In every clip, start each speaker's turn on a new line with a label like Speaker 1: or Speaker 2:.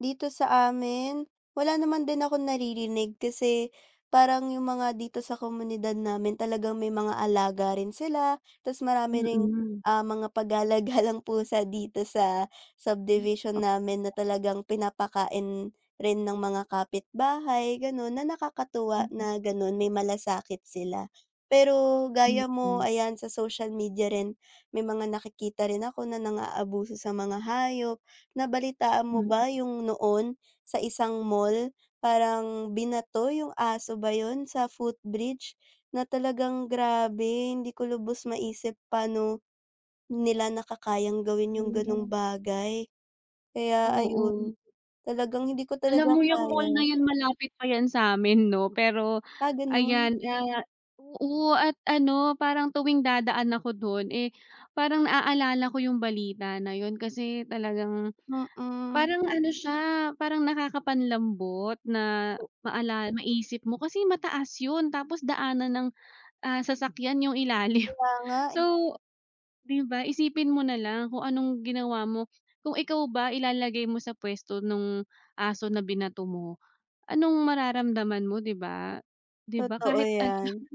Speaker 1: Dito sa amin, wala naman din akong naririnig kasi parang yung mga dito sa komunidad namin talagang may mga alaga rin sila, tas marami rin,
Speaker 2: Mm.
Speaker 1: ah, mga pagala-galang pusa dito sa subdivision
Speaker 2: [unintelligible]
Speaker 1: namin na talagang pinapakain rin ng mga kapitbahay ganon na nakakatuwa
Speaker 2: Mm.
Speaker 1: na ganun may malasakit sila. Pero gaya mo
Speaker 2: Mm.
Speaker 1: ayan sa social media rin, may mga nakikita rin ako na nang aabuso rin sa mga hayop. Nabalitaan mo
Speaker 2: Hmm.
Speaker 1: ba yung noon? Sa isang mall parang binato yung aso ba yun? Sa footbridge na talagang grabe hindi ko lubos maisip paano nila nakakayang gawin yung ganung
Speaker 2: Hmm.
Speaker 1: bagay. Kaya
Speaker 2: Oo.
Speaker 1: ayun talagang hindi ko talaga
Speaker 2: Alam mo yung mall na
Speaker 1: kaya.
Speaker 2: yun malapit pa yan samin no pero
Speaker 1: Ah, ganun?
Speaker 2: ayan, ah. Oo at ano parang tuwing dadaan ako dun, eh, parang na-aalala ko yung balita na yun kasi talagang,
Speaker 1: Mm.
Speaker 2: parang ano siya parang nakaka-panlambot na maala maisip mo kasi mataas yun tapos daanan ng, ah, sasakyan yung ilalim.
Speaker 1: Kaya nga, eh.
Speaker 2: So, di ba isipin mo nalang kung anong ginawa mo kung ikaw ba ilalagay mo sa pwesto nung aso na binato mo, anong mararamdaman mo di ba? Di ba
Speaker 1: Totoo
Speaker 2: kahit ano lang.
Speaker 1: yan.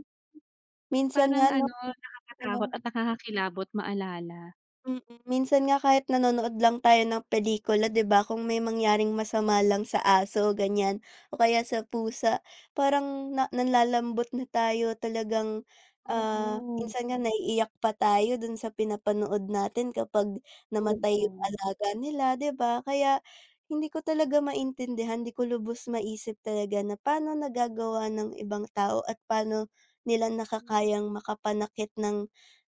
Speaker 1: Minsan nga
Speaker 2: Parang
Speaker 1: no?
Speaker 2: ano nakaka-takot
Speaker 1: Ano.
Speaker 2: at nakaka-kilabot maalala.
Speaker 1: Mm. Minsan nga kahit nanonood lang tayo ng pelikula di ba? kung may mangyaring masama lang sa aso o ganyan o kaya sa pusa parang nanlalambot na tayo talagang, ah,
Speaker 2: Oo.
Speaker 1: minsan nga naiiyak pa tayo dun sa pinapanood natin kapag namatay yung
Speaker 2: Oo.
Speaker 1: alaga nila di ba? Kaya hindi ko talaga maintindihan di ko lubos maisip talaga na pano nagagawa ng ibang tao at pano nila
Speaker 2: Hmm.
Speaker 1: nakakayang makapanakit ng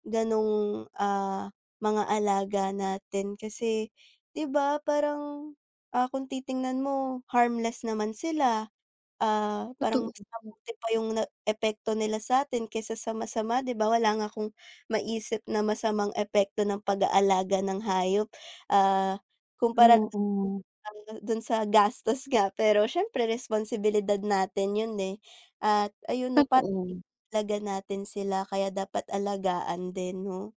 Speaker 1: ganong, ah, mga alaga natin kasi di ba? Parang, ah, kung titingnan mo harmless naman sila, ah, parang
Speaker 2: Totoo.
Speaker 1: mas mabuti pa yung epekto nila sa'tin kaysa masama di ba wala nga akong maisip na masamang epekto ng pag aalaga ng hayop, ah, kumpara
Speaker 2: Oo.
Speaker 1: dun sa gastos nga pero syempre responsibilidad natin yun, eh. At ayun pa
Speaker 2: Totoo.
Speaker 1: [unintelligible] natin sila kaya dapat alagaan din no.